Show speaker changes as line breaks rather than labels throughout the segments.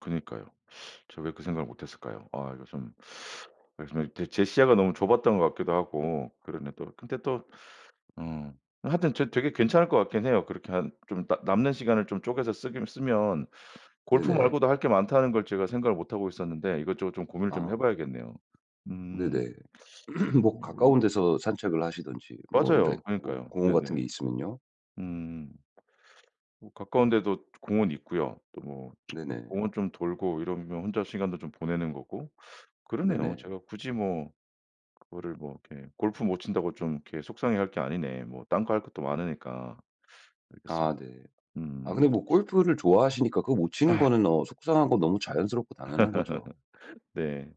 그러니까요. 제가 왜 그 생각을 못 했을까요? 아 이거 좀 말씀하신 제 시야가 너무 좁았던 것 같기도 하고 그러네 또. 근데 또 어 하여튼 되 되게 괜찮을 것 같긴 해요. 그렇게 한 좀 나 남는 시간을 좀 쪼개서 쓰기는 쓰면 골프
네네.
말고도 할 게 많다는 걸 제가 생각을 못 하고 있었는데 이것저것 좀 고민을 좀
아.
해봐야겠네요. 음.
네네. 뭐
어 뭐
가까운
있냐.
데서 산책을 하시던지, 뭐 이런
맞아요.
데 뭐
그러니까요.
공원 같은
네네.
게 있으면요.
음. 뭐 가까운 데도 공원 있고요. 또 뭐
네네.
공원 좀 돌고 이러면 혼자 시간도 좀 보내는 거고 그러네요.
네네.
제가 굳이 뭐 그거를 뭐 이렇게 골프 못 친다고 좀 이렇게 속상해할 게 아니네. 뭐 딴 거 할 것도 많으니까.
아
알겠습니다.
네. 아 근데
음.
뭐 골프를 좋아하시니까 그거 못 치는
아.
거는 어 속상한 거 너무 자연스럽고 당연한 거죠.
네.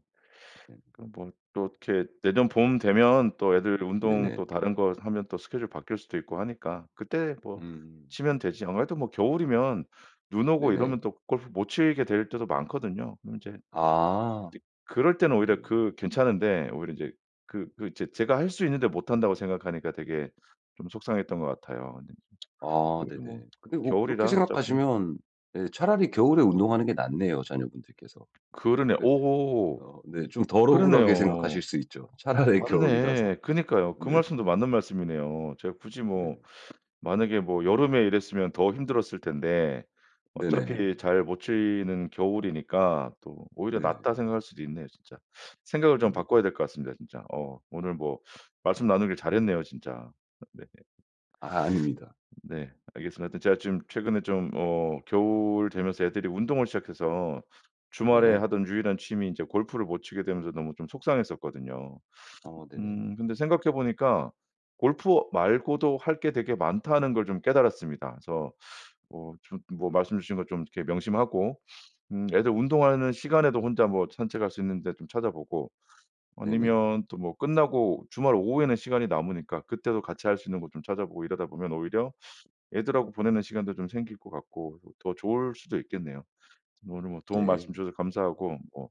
네.
그럼 뭐 또 이렇게 내년 봄 되면 또 애들 운동
네네.
또 다른 거 하면 또 스케줄 바뀔 수도 있고 하니까 그때 뭐
음.
치면 되지. 아무래도 뭐 겨울이면 눈 오고
네네.
이러면 또 골프 못 치게 될 때도 많거든요. 그럼 이제
아.
그럴 때는
네.
오히려 그 괜찮은데 오히려 이제 그 그 제 제가 할 수 있는데 못한다고 생각하니까 되게 좀 속상했던 것 같아요.
아
그래도 뭐
네네. 근데 뭐 그렇게
겨울이라 어차피
생각하시면 예 차라리 겨울에 운동하는 게 낫네요, 자녀분들께서.
그러네.
그
오호.
어 네 좀 덜 억울하게 생각하실
그러네요.
수 있죠, 차라리 겨울이라서.
맞네. 그러니까요. 그
네.
말씀도 맞는 말씀이네요. 제가 굳이
네.
뭐 만약에 뭐 여름에 이랬으면 더 힘들었을 텐데,
네네.
어차피 잘 못 치는 겨울이니까 또 오히려
네네.
낫다 생각할 수도 있네요, 진짜. 생각을 좀
네.
바꿔야 될 것 같습니다, 진짜. 어 오늘 뭐 말씀 나누기를 잘했네요, 진짜. 어 네.
아 아닙니다.
네. 알겠습니다. 하여튼 제가 지금 최근에 좀 어 겨울 되면서 애들이 운동을 시작해서 주말에
네.
하던 유일한 취미 이제 골프를 못 치게 되면서 너무 좀 속상했었거든요.
어 네네.
음 근데 생각해 보니까 골프 말고도 할 게 되게 많다는 걸 좀 깨달았습니다. 그래서 뭐 좀 뭐 말씀 주신 거 좀 이렇게 명심하고 음 애들 운동하는 시간에도 혼자 뭐 산책할 수 있는 데 좀 찾아보고.
네네.
아니면 또 뭐 끝나고 주말 오후에는 시간이 남으니까 그때도 같이 할 수 있는 곳 좀 찾아보고 이러다 보면 오히려 애들하고 보내는 시간도 좀 생길 것 같고, 더 좋을 수도 있겠네요. 오늘 뭐 도움 말씀
네.
주셔서 감사하고 뭐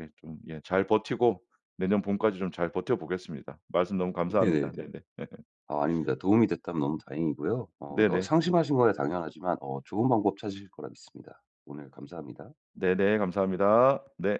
예 좀 예 잘 버티고 내년 봄까지 좀 잘 버텨보겠습니다. 말씀 너무 감사합니다.
네네네.
네네.
아 아닙니다. 도움이 됐다면 너무 다행이고요. 어 너
네네.
상심하신 거야 당연하지만 어 좋은 방법 찾으실 거라 믿습니다. 오늘 감사합니다.
네네 감사합니다. 네.